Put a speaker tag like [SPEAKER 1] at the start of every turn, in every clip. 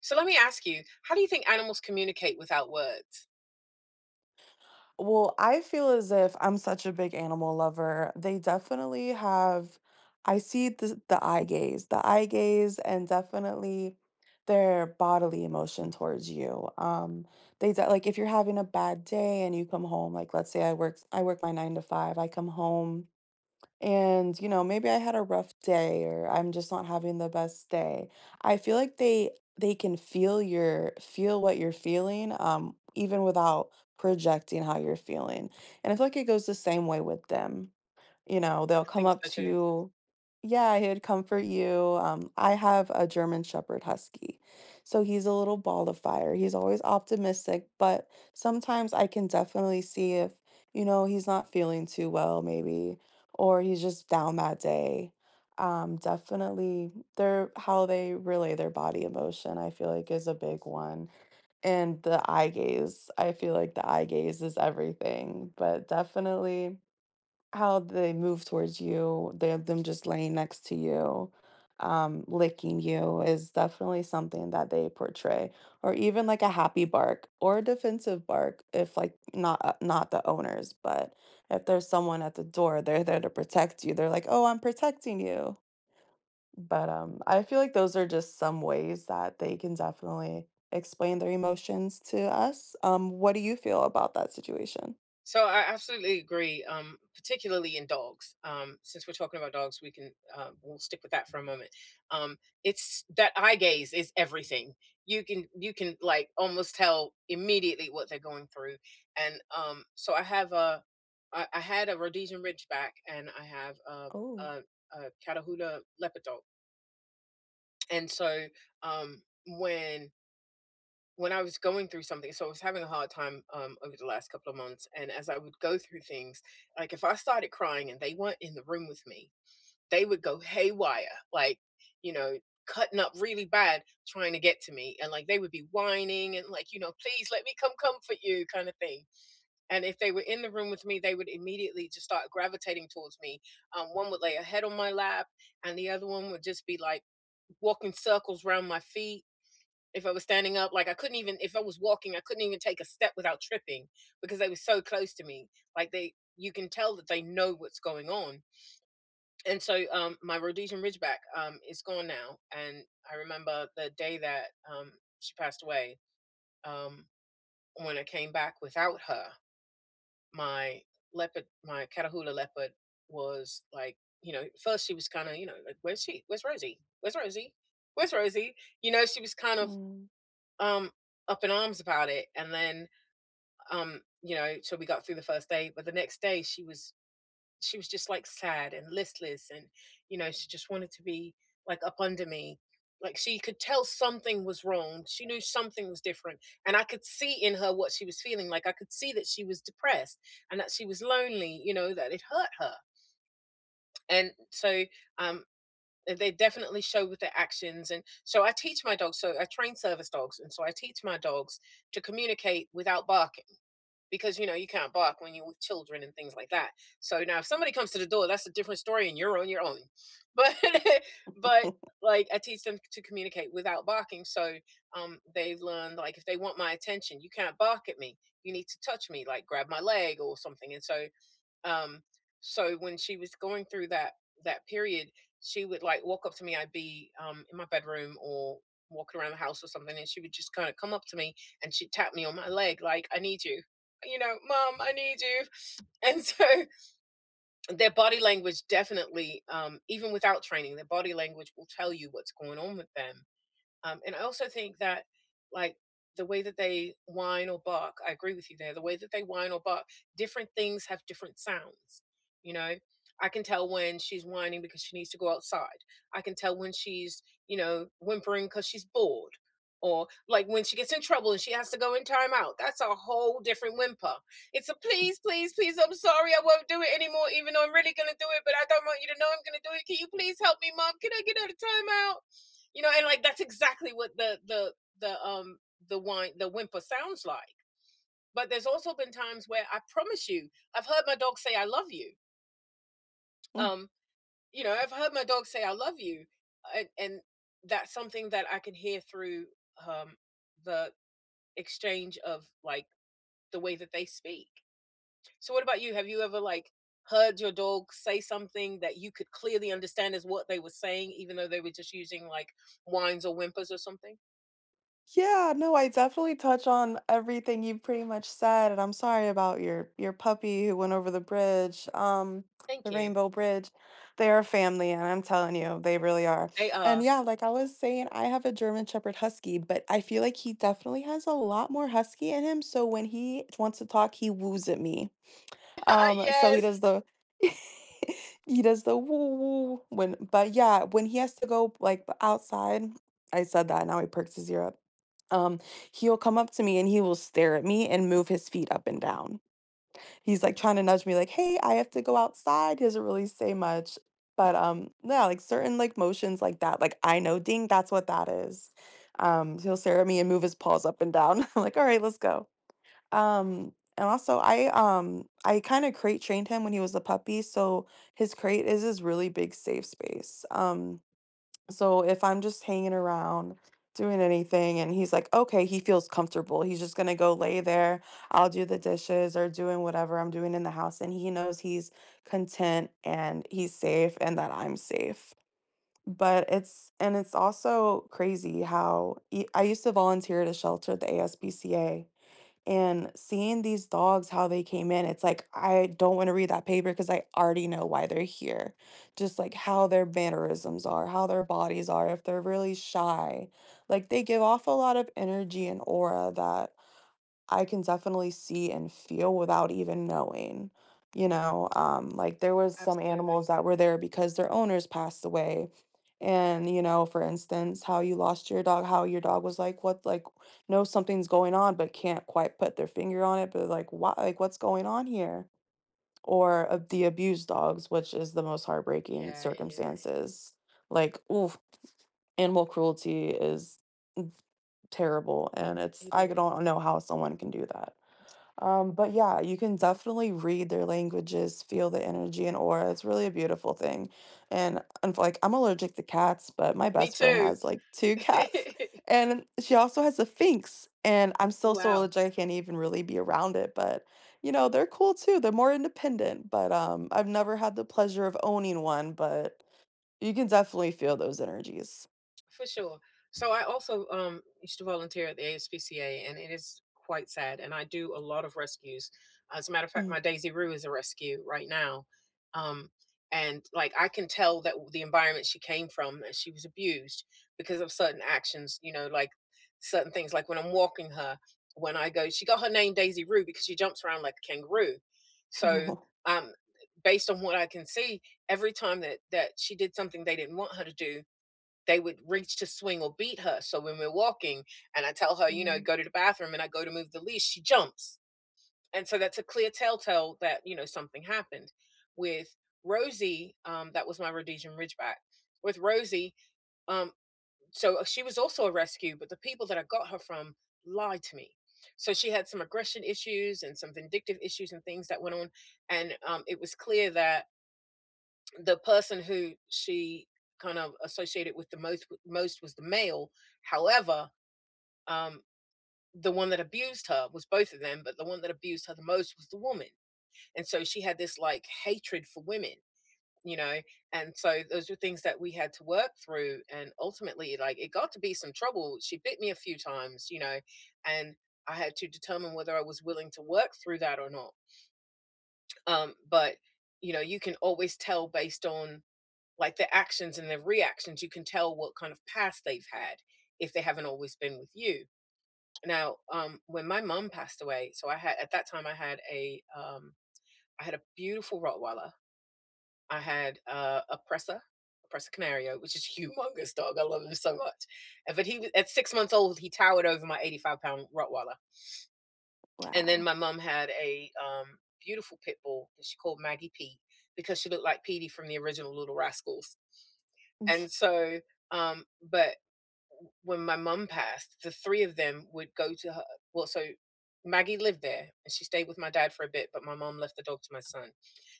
[SPEAKER 1] So, let me ask you, how do you think animals communicate without words?
[SPEAKER 2] Well, I feel as if I'm such a big animal lover, they definitely have I see the s the eye gaze. The eye gaze and definitely their bodily emotion towards you. Um, they like if you're having a bad day and you come home like, let's say I work d I work my 9 to 5, I come home and, you know, maybe I had a rough day or I'm just not having the best day, I feel like they they can feel your feel what you're feeling, um, even without projecting how you're feeling, and I feel like it goes the same way with them, you know? They'll
[SPEAKER 1] I
[SPEAKER 2] come
[SPEAKER 1] think
[SPEAKER 2] up
[SPEAKER 1] so,
[SPEAKER 2] to
[SPEAKER 1] too.
[SPEAKER 2] you yeah, he'd comfort you, um, I have a German shepherd husky. So, he's a little ball of fire, he's always optimistic, but sometimes I can definitely see if, you know, he's not feeling too well, maybe, or he's just down that day. Um, definitely their how they relay their body emotion, I feel like, is a big one, and the eye gaze, I feel like the eye gaze is everything, but definitely, how they move towards you, their them just laying next to you, um, licking you is definitely something that they portray. Or even, like, a happy bark or a defensive bark if, like, not uh not the owners, but if there's someone at the door, they're there to protect you they're like, "Oh, I'm protecting you." But, um, I feel like those are just some ways that they can definitely explain their emotions to us. Um, what do you feel about that situation?
[SPEAKER 1] So, I absolutely agree, um, particularly in dogs, um, since we're talking about dogs, we can, um, we'll stick with that for a moment, um, it's that eye gaze is everything. You can you can, like, almost tell immediately what they're going through, and, um, so I have a I I had a Rhodesian Ridgeback, and I have uh
[SPEAKER 2] Oh.
[SPEAKER 1] uh uh, Catahoula Leopard dog. And so, um, when when I was going through something so, I was having a hard time, um, over the last couple of months, and as I would go through things, like, if I started crying and they weren't in the room with me, they would go haywire, like, you know, cutting up really bad trying to get to me, and, like, they would be whining and, like, you know, "Please, let me come comfort you," kinda thing. And if they were in the room with me, they would immediately just start gravitating towards me. Um, one would lay a head on my lap, and the other one would just be, like, walking circles 'round my feet. If I was standing up, like, I couldn't even if I was walking, I couldn't even take a step without tripping because they were so close to me. Like, they you can tell that they know what's going on and so um, my Rhodesian Ridgeback, um, is gone now, and I remember the day that, um, she passed away. Um, when I came back without her, my leopard my Catahoula Leopard was, like, you know, first, she was kinda, you know, like, "Where's she? Where's Rosie? Where's Rosie? Where's Rosie?" You know, she was kind of,
[SPEAKER 2] Mm.
[SPEAKER 1] um, up in arms about it, and then, um, you know so, we got through the first day, but the next day, she was she was just, like, sad and listless, and, you know, she just wanted to be, like, up under me, like, she could tell something was wrong. She knew something was different, and I could see in her what she was feeling, like, I could see that she was depressed and that she was lonely, you know, that it hurt her. And so, um, th they definitely show with their actions, and so, I teach my dogs so, I train service dogs, and so I teach my dogs to communicate without barking because, you know, you can't bark when you're with children and things like that. So, now if somebody comes to the door, that's a different story, and you're on your own, but but, like, I teach them to communicate without barking, so, um, they've learned, like, if they want my attention, you can't bark at me, you need to touch me, like, grab my leg or something, and so, um so, when she was going through that that period, she would, like, walk up to me I'd be, um, in my bedroom or walking around the house or something, and she would just kinda come up to me, and she'd tap me on my leg like, "I need you." You know, "Mom, I need you." And so, their body language definitely, um even without training, their body language will tell you what's going on with them, um, and I also think that, like, the way that they whine or bark I agree with you there, the way that they whine or bark, different things have different sounds, you know? I can tell when she's whining because she needs to go outside. I can tell when she's, you know, whimpering 'cause she's bored or, like, when she gets in trouble and she has to go in time out, that's a whole different whimper, it's a "Please, please, please. I'm sorry. I won't do it anymore even though I'm really gonna do it, but I don't want you to know I'm gonna do it. Can you please help me, mom? Can I get out of time out?" You know? And, like, that's exactly what the the the, um, the whine the whimper sounds like. But there's also been times where, I promise you, I've heard my dog say, "I love you."
[SPEAKER 2] Mm.
[SPEAKER 1] Um. You know, I've heard my dog say I love you, and and that's something that I can hear through, um, the exchange of, like, the way that they speak. So, what about you? Have you ever, like, heard your dog say something that you could clearly understand is what they were saying even though they were just using, like, whines or whimpers or something?
[SPEAKER 2] Yeah, no, I definitely touch on everything you've pretty much said, and I'm sorry about your your puppy who went over the bridge, um, the
[SPEAKER 1] Thank you.
[SPEAKER 2] Rainbow Bridge. They are family, and I'm telling you, they really are.
[SPEAKER 1] They
[SPEAKER 2] And,
[SPEAKER 1] are.
[SPEAKER 2] yeah, like I was saying, I have a German shepherd husky, but I feel like he definitely has a lot more husky in him, so when he wants to talk, he woos at me. Um, so he
[SPEAKER 1] Yes!
[SPEAKER 2] does the he does the "woo woo" when but, yeah, when he has to go, p but, like, outside- I said that, now he perks his ear up- um, he'll come up to me and he will stare at me and move his feet up and down. He's, like, trying to nudge me like, “Hey, I have to go outside.” He doesn't really say much, but, um, yeah, like, certain, like, motions like that. Like, I know “ding,” that's what that is Um, he'll stare at me and move his paws up and down. I'm like, "Alright, let's go." Um and, also, I, um I kinda crate trained him when he was a puppy, so his crate is his really big safe space, um, so if I'm just hanging around, doing anything and he's like, okay, he feels comfortable, he's just gonna go lay there. I'll do the dishes or doing whatever I'm doing in the house, and he knows he's content and he's safe and that I'm safe. But it's and it's also crazy how e I used to volunteer at a shelter at the ASPCA, and seeing these dogs, how they came in, it's like, I don't wanna read that paper ‘cause I already know why they're here; just, like, how their mannerisms are, how their bodies are, if they're really shy. Like, they give off a lot of energy and aura that I can definitely see and feel without even knowing, you know? Um, like, there was some animals
[SPEAKER 1] Absolutely.
[SPEAKER 2] that were there because their owners passed away, and, you know, for instance, how you lost your dog, how your dog was like, what like, knows something's going on but can't quite put their finger on it, but, like, why like, what's going on here? Or the abused dogs, which is the most heartbreaking
[SPEAKER 1] Yeah, it is.
[SPEAKER 2] circumstances. Like, oof, animal cruelty is terrible, and it's
[SPEAKER 1] It
[SPEAKER 2] I could
[SPEAKER 1] is.
[SPEAKER 2] not know how someone can do that. Um, but, yeah, you can definitely read their languages, feel the energy and aura; it's really a beautiful thing, and, unf like, I'm allergic to cats, but my
[SPEAKER 1] Me
[SPEAKER 2] best friend
[SPEAKER 1] too.
[SPEAKER 2] has, like, 2 cats, and she also has a Sphynx, and I'm
[SPEAKER 1] Oh,
[SPEAKER 2] so, so
[SPEAKER 1] wow.
[SPEAKER 2] allergic that I can't even really be around it, but, you know, they're cool too, they're more independent. But, um, I've never had the pleasure of owning one, but you can definitely feel those energies.
[SPEAKER 1] For sure. So, I also, um, used to volunteer at the ASPCA, and it is quite sad, and I do a lot of rescues. As a matter of fact,
[SPEAKER 2] Mhm.
[SPEAKER 1] my Daisy Rue is a rescue right now, um, and, like, I can tell that the environment she came from, that she was abused because of certain actions, you know? Like certain things like when I'm walking her, when I go she got her name Daisy Rue because she jumps around like a kangaroo. So,
[SPEAKER 2] No.
[SPEAKER 1] um, based on what I can see, every time that that she did something they didn't want her to do, they would reach to swing or beat her, so when we're walking and I tell her, you know,
[SPEAKER 2] Mm.
[SPEAKER 1] go to the bathroom and I go to move the leash, she jumps, and so that's a clear telltale that, you know, something happened. With Rosie- um, that was my Rhodesian Ridgeback- with Rosie, um, so she was also a rescue, but the people that I got her from lied to me. So, she had some aggression issues and some vindictive issues and things that went on, and, um, it was clear that the person who she kind of associated with the most with the most was the male. However, um, the one that abused her was both of them, but the one that abused her the most was the woman, and so she had this, like, hatred for women, you know? And so those are things that we had to work through, and, ultimately, like, it got to be some trouble, she bit me a few times, you know, and I had to determine whether I was willing to work through that or not. Um, but, you know, you can always tell based on, like, the actions and their reactions. You can tell what kind of past they've had if they haven't always been with you. Now, um, when my mom passed away, so I had at that time, I had a, um I had a beautiful Rottweiler I had, uh, a Presa, a Presa Canario- which is humongous dog, I love him so much- and but he at 6 months old, he towered over my eighty-five-pound Rottweiler. And then
[SPEAKER 2] Wow.
[SPEAKER 1] my mum had a, um, beautiful pit bull that she called Maggie Pete because she looked like Petey from the original Little Rascals. And so, um but w when my mum passed, the 3 of them would go to her well, so Maggie lived there, and she stayed with my dad for a bit, but my mom left the dog to my son,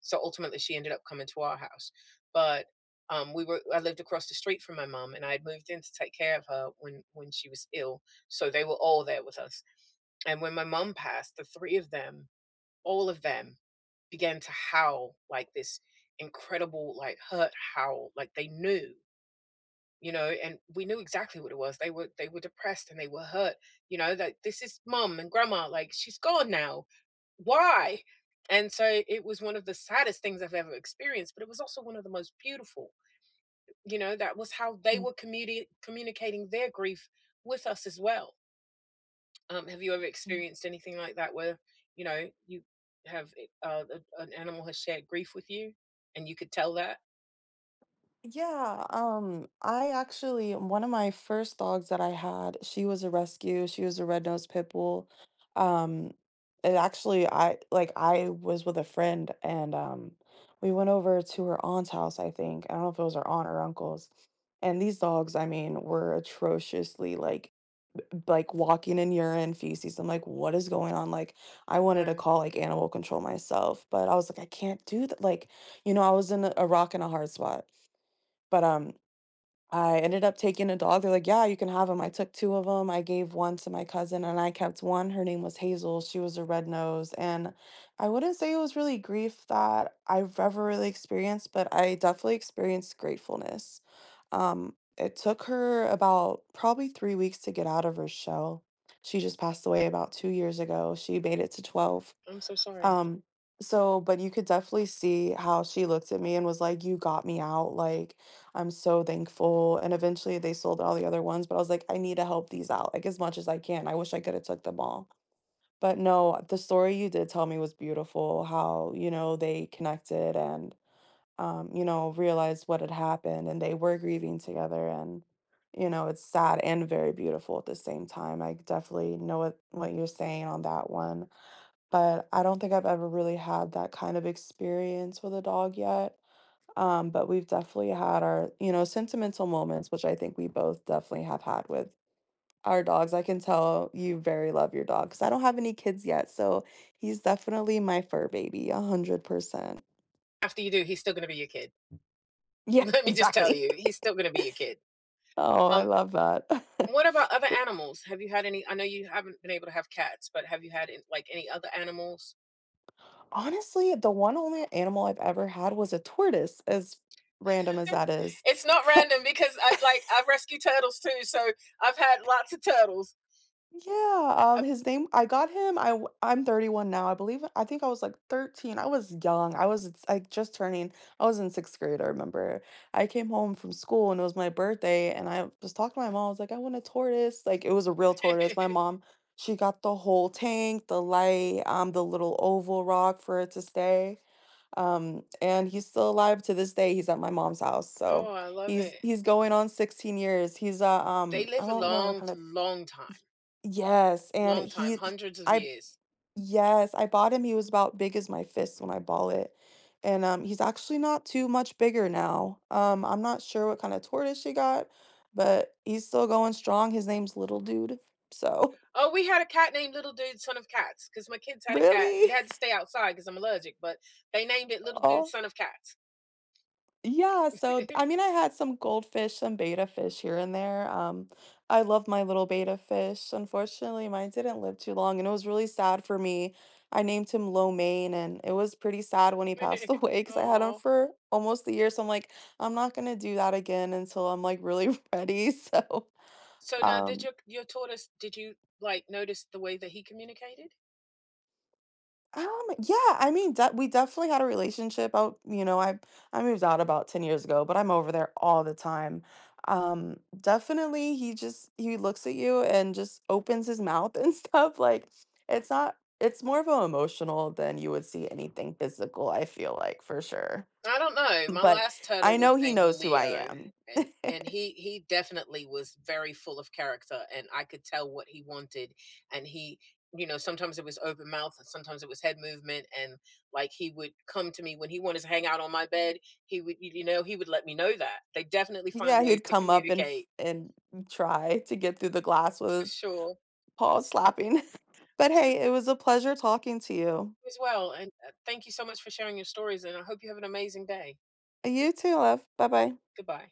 [SPEAKER 1] so, ultimately, she ended up coming to our house, but, um, we were I lived across the street from my mom, and I had moved in to take care of her when when she was ill, so they were all there with us. And when my mom passed, the 3 of them, all of them began to howl like this incredible, like, hurt howl, like they knew you know, and we knew exactly what it was. They were they were depressed, and they were hurt, you know? That "This is mom and grandma," like, "She's gone now, why?" And so it was one of the saddest things I've ever experienced, but it was also one of the most beautiful, you know? That was how they
[SPEAKER 2] Mm.
[SPEAKER 1] were communi communicating their grief with us as well. Um, have you ever
[SPEAKER 2] Mm.
[SPEAKER 1] experienced anything like that where, you know? You have, eh uh, an an animal has shared grief with you and you could tell that?
[SPEAKER 2] Yeah, um, I actually one of my first dogs that I had, she was a rescue, she was a red nosed pit bull, um, and, actually, I like, I was with a friend, and, um, we went over to her aunt's house, I think- I don't know if it was her aunt or uncle's- and these dogs, I mean, were atrociously, like, like, walking in urine, feces. I'm like, "What is going on?" Like, I wanted to
[SPEAKER 1] Alright.
[SPEAKER 2] call, like, animal control myself, but I was like, "I can't do th" Like, you know, I was in a a rock and a hard spot. But, um, I ended up taking a dog, they're like, "Yeah, you can have ‘em." I took 2 of ‘em, I gave 1 to my cousin, and I kept 1. Her name was Hazel, she was a red nose. And I wouldn't say it was really grief that I've ever really experienced, but I definitely experienced gratefulness. Um, it took her about probably 3 weeks to get out of her shell. She just passed away about 2 years ago, she made it to 12.
[SPEAKER 1] I'm so sorry.
[SPEAKER 2] Um, so but you could definitely see how she looked at me and was like, "You got me out. Like, I'm so thankful." And, eventually, they sold all the other ones, but I was like, I need to help these out, like, much as I can. I wish I coulda took them all. But, no, the story you did tell me was beautiful, how, you know, they connected and, um, you know, realized what had happened, and they were grieving together, and, you know, it's sad and very beautiful at the same time. I definitely know what what you're saying on that one, but I don't think I've ever really had that kind of experience with a dog yet. Um, but we've definitely had our, you know, sentimental moments, which I think we both definitely have had with our dogs. I can tell you very love your dog, ‘cause I don't have any kids yet, so he's definitely my fur baby, 100%.
[SPEAKER 1] After you do, he's still gonna be your kid.
[SPEAKER 2] Yeah,
[SPEAKER 1] Let me just tell
[SPEAKER 2] exactly.
[SPEAKER 1] you, he's still gonna be your kid.
[SPEAKER 2] Oh, I
[SPEAKER 1] Um,
[SPEAKER 2] love that,
[SPEAKER 1] what about other
[SPEAKER 2] but
[SPEAKER 1] animals? Have you had any I know you haven't been able to have cats, but have you had an like, any other animals?
[SPEAKER 2] Honestly, the one only animal I've ever had was a tortoise, as random as that is.
[SPEAKER 1] It's not random because I'd like, I've rescued turtles too, so, I've had lots of turtles.
[SPEAKER 2] Yeah,
[SPEAKER 1] Uh
[SPEAKER 2] um, his name I got him I w I'm 31 now, I believe I think I was, like, 13. I was young, I was, like, just turning I was in 6th grade, I remember. I came home from school, and it was my birthday, and I was talking to my mom, I was like, "I want a tortoise," like, it was a real tortoise. My mom, she got the whole tank, the light, um, the little oval rock for it to stay, um, and he's still alive to this day, he's at my mom's house,
[SPEAKER 1] Oh,
[SPEAKER 2] so,
[SPEAKER 1] I love
[SPEAKER 2] he's
[SPEAKER 1] it.
[SPEAKER 2] he's going on 16 years. He's a,
[SPEAKER 1] They
[SPEAKER 2] um I
[SPEAKER 1] live a
[SPEAKER 2] don't remember what
[SPEAKER 1] long,
[SPEAKER 2] kind of
[SPEAKER 1] long time.
[SPEAKER 2] Y yes, and
[SPEAKER 1] Long
[SPEAKER 2] he
[SPEAKER 1] time,
[SPEAKER 2] h
[SPEAKER 1] hundreds of
[SPEAKER 2] I
[SPEAKER 1] years.
[SPEAKER 2] Yes, I bought him he was about big as my fist when I ball it, and, um, he's actually not too much bigger now. Um, I'm not sure what kinda tortoise she got, but, he's still going strong, his name's Little Dude, so
[SPEAKER 1] Oh, we had a cat named Little Dude Son of Cats 'cause my kids had a cat. It
[SPEAKER 2] Really?
[SPEAKER 1] had to stay outside 'cause I'm allergic, but they named it Little Dude
[SPEAKER 2] Aw.
[SPEAKER 1] Son of Cats.
[SPEAKER 2] Yeah, so, d I mean, I had some goldfish and betta fish here and there, um, I love my little betta fish. Unfortunately, mine didn't live too long, and it was really sad for me. I named him Lo Mein, and it was pretty sad when he passed away 'cause I had him
[SPEAKER 1] Aw.
[SPEAKER 2] for almost a year, so I'm like, "I'm not gonna do that again until I'm, like, really ready, so"
[SPEAKER 1] So, now did
[SPEAKER 2] Um
[SPEAKER 1] your your tortoise did you, like, notice the way that he communicated?
[SPEAKER 2] Um, yeah, I mean, de we definitely had a relationship out you know, I I moved out about 10 years ago, but I'm over there all the time, um definitely, he just he looks at you and just opens his mouth and stuff, like, it's not it's more of a emotional than you would see anything physical, I feel like, for sure.
[SPEAKER 1] I don't know, eh, my
[SPEAKER 2] But,
[SPEAKER 1] last
[SPEAKER 2] I
[SPEAKER 1] turtle was
[SPEAKER 2] know he
[SPEAKER 1] named
[SPEAKER 2] knows who I
[SPEAKER 1] Leo,
[SPEAKER 2] am.
[SPEAKER 1] and and he he definitely was very full of character, and I could tell what he wanted, and he you know, sometimes it was open mouth, and sometimes it was head movement, and, like, he would come to me when he wanted to hang out on my bed. He would you you know, he would let me know that. They definitely find
[SPEAKER 2] Yeah,
[SPEAKER 1] ways
[SPEAKER 2] he'd
[SPEAKER 1] to
[SPEAKER 2] come up and f
[SPEAKER 1] communicate.
[SPEAKER 2] and try to get through the glass
[SPEAKER 1] For
[SPEAKER 2] was
[SPEAKER 1] sure.
[SPEAKER 2] paw-slapping. But,
[SPEAKER 1] This was
[SPEAKER 2] hey, it was a pleasure talking to
[SPEAKER 1] You
[SPEAKER 2] you.
[SPEAKER 1] as well, and, uh, thank you so much for sharing your stories, and I hope you have an amazing day.
[SPEAKER 2] You too, love. Bye-bye.
[SPEAKER 1] Goodbye.